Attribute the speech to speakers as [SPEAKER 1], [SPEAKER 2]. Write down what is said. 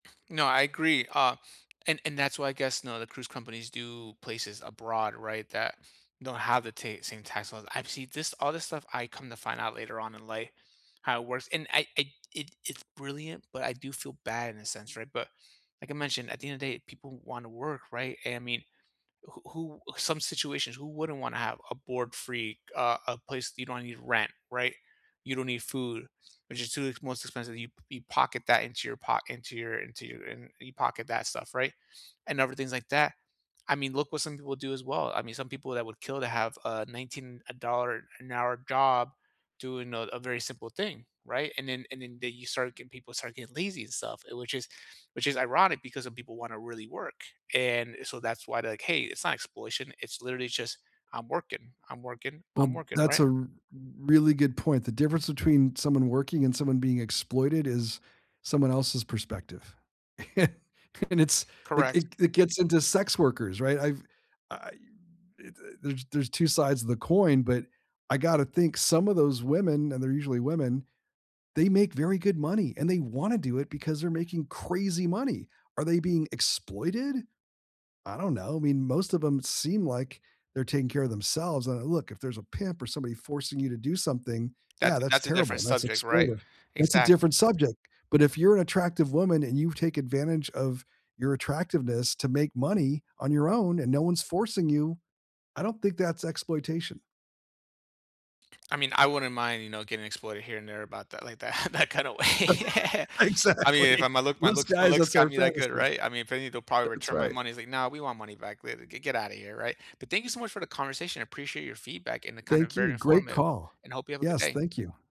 [SPEAKER 1] No, I agree, uh, and and that's why, I guess, know, the cruise companies do places abroad, right, that don't have the ta same tax laws. I've seen this all this stuff, I come to find out later on in life, how it works. And I I it it's brilliant, but I do feel bad in a sense, right? But, like I mentioned, at the end of day, people wanna work, right? And I mean, who who some situations, who wouldn't wanna have a board free, a a place you don't need rent, right? You don't need food, which is too the most expensive. You you pocket that into your pock into your into your and pocket that stuff, right, and other things like that? I mean, look what some people do as well. I mean, some people that would kill to have a nineteen uh, dollar-an-hour job doing a a very simple thing, right? And then and then they you start getting people start getting lazy and stuff, eh, which is which is ironic because some people wanna really work. And, so that's why they're like, "Hey, it's not exploitation. It's literally just I'm working. I'm working. I'm
[SPEAKER 2] Well,
[SPEAKER 1] working."
[SPEAKER 2] that's
[SPEAKER 1] Right?
[SPEAKER 2] a r really good point. The difference between someone working and someone being exploited is someone else's perspective. And it's it
[SPEAKER 1] Correct.
[SPEAKER 2] it it gets into sex workers, right? I've I've, eh, eh there's there's 2 sides to the coin, but I gotta think some of those women, and they're usually women, they make very good money, and they wanna do it because they're making crazy money. Are they being exploited? I don't know. I mean, most of 'em seem like they're taking care of themselves. Uh, look, if there's a pimp or somebody forcing you to do something,
[SPEAKER 1] That's
[SPEAKER 2] yeah, that's
[SPEAKER 1] that's a different
[SPEAKER 2] terrible, that's
[SPEAKER 1] subject, right?
[SPEAKER 2] exploitive. That's a
[SPEAKER 1] Exact
[SPEAKER 2] different subject. But if you're an attractive woman and you take advantage of your attractiveness to make money on your own, and no one's forcing you, I don't think that's exploitation.
[SPEAKER 1] I mean, I wouldn't mind, you know, getting exploited here and there about that, like that in that kind of way. I mean, if
[SPEAKER 2] Exactly.
[SPEAKER 1] I'm gonna look my
[SPEAKER 2] Most
[SPEAKER 1] looks my
[SPEAKER 2] guys,
[SPEAKER 1] looks
[SPEAKER 2] that's
[SPEAKER 1] got
[SPEAKER 2] our
[SPEAKER 1] me that good,
[SPEAKER 2] fantasy.
[SPEAKER 1] right? I mean, if they need to probably
[SPEAKER 2] That's
[SPEAKER 1] return my
[SPEAKER 2] right.
[SPEAKER 1] money, it's like, "No, we want money back," li "Get get out of here", right?" But thank you so much for the conversation. I appreciate your feedback and the kind of
[SPEAKER 2] Thank
[SPEAKER 1] very
[SPEAKER 2] you. Great
[SPEAKER 1] informative,
[SPEAKER 2] call.
[SPEAKER 1] and hope you have a good
[SPEAKER 2] Yes,
[SPEAKER 1] day.
[SPEAKER 2] thank you.